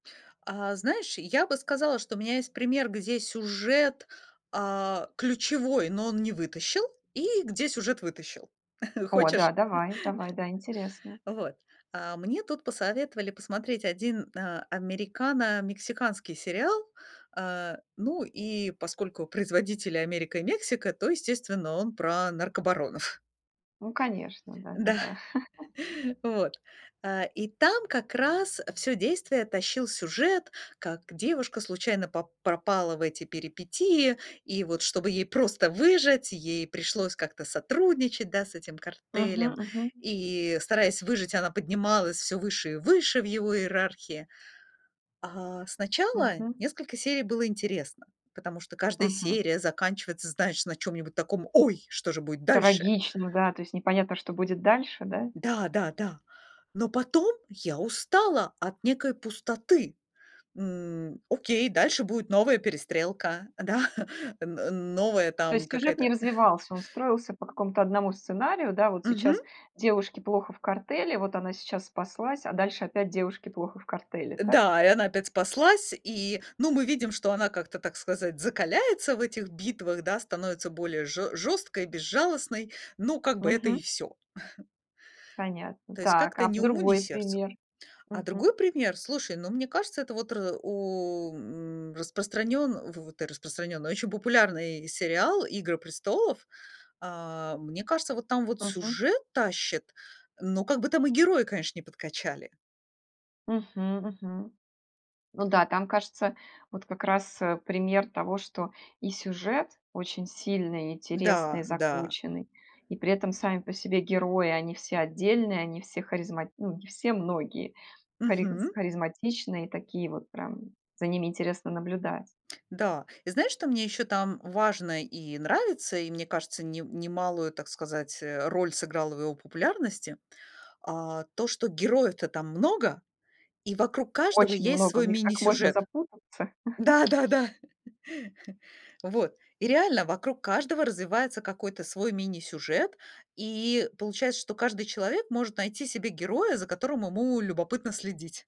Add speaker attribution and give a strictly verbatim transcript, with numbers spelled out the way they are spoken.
Speaker 1: А, знаешь, я бы сказала, что у меня есть пример, где сюжет, а, ключевой, но он не вытащил, и где сюжет вытащил.
Speaker 2: О да,
Speaker 1: Хочешь?
Speaker 2: давай. Давай, да, интересно.
Speaker 1: Вот. А мне тут посоветовали посмотреть один а, американо-мексиканский сериал. Э, ну, и поскольку производители- Америка и Мексика, то, естественно, он про наркобаронов.
Speaker 2: Ну, конечно, да да
Speaker 1: Да.
Speaker 2: да.
Speaker 1: Вот. Э, и там как раз, э, всё действие тащил сюжет: как девушка случайно пап пропала в эти перипетии, и вот, чтобы ей просто выжить, ей пришлось как-то сотрудничать, да, с этим
Speaker 2: Мгм
Speaker 1: картелем.
Speaker 2: мгм.
Speaker 1: И, стараясь выжить, она поднималась всё выше и выше в его иерархии. А, сначала
Speaker 2: Мгм.
Speaker 1: несколько серий было интересно, потому что каждая
Speaker 2: Мгм.
Speaker 1: серия заканчивается, знаешь, на чём-нибудь таком: ой, что же будет дальше?
Speaker 2: Трагично, да! То есть непонятно, что будет дальше, да?
Speaker 1: Да да да! Но потом я устала от некой пустоты. М, окей, дальше будет новая перестрелка, да, н новая
Speaker 2: То
Speaker 1: там,
Speaker 2: есть сюжет не
Speaker 1: какая-то
Speaker 2: развивался. Он строился по
Speaker 1: М.
Speaker 2: какому-то одному сценарию, да? Вот
Speaker 1: Мгм.
Speaker 2: сейчас девушке плохо в картеле, вот она сейчас спаслась, а дальше опять девушке плохо в картеле,
Speaker 1: Э,
Speaker 2: так?
Speaker 1: да, и она опять спаслась, и, ну, мы видим, что она как-то, так сказать, закаляется в этих битвах, да? Становится более жё жёсткой и безжалостной, но, как бы, это и
Speaker 2: Мгм.
Speaker 1: всё.
Speaker 2: Понятно.
Speaker 1: То есть
Speaker 2: Так,
Speaker 1: как-то
Speaker 2: а
Speaker 1: ни
Speaker 2: в
Speaker 1: уму ни
Speaker 2: другой
Speaker 1: сердцу.
Speaker 2: пример?
Speaker 1: А другой
Speaker 2: Мгм.
Speaker 1: пример, слушай, ну, мне кажется, это вот р у м, распространён фу ты, распространённый, очень популярный сериал- "Игры престолов". А, мне кажется, вот там вот
Speaker 2: Мгм.
Speaker 1: сюжет тащит, но как бы там и герои, конечно, не подкачали.
Speaker 2: Мгм, мгм. Ну да, там кажется, вот как раз, э, пример того, что и сюжет очень сильный, интересный,
Speaker 1: Да, да.
Speaker 2: закрученный. И при этом сами по себе герои: они все отдельные, они все харизма ну, не все, многие, хариз
Speaker 1: Мгм.
Speaker 2: харизматичные, такие вот прям. За ними интересно наблюдать.
Speaker 1: Да. И знаешь, что мне ещё там важно и нравится, и мне кажется, нем немалую, так сказать, э, роль сыграла в его популярности, а, то, что героев-то там много и вокруг каждого
Speaker 2: Очень
Speaker 1: есть
Speaker 2: много. В
Speaker 1: свой
Speaker 2: них так можно
Speaker 1: мини-сюжет.
Speaker 2: запутаться.
Speaker 1: Да да да! Вот. И реально, вокруг каждого развивается какой-то свой мини-сюжет, и получается, что каждый человек может найти себе героя, за которым ему любопытно следить.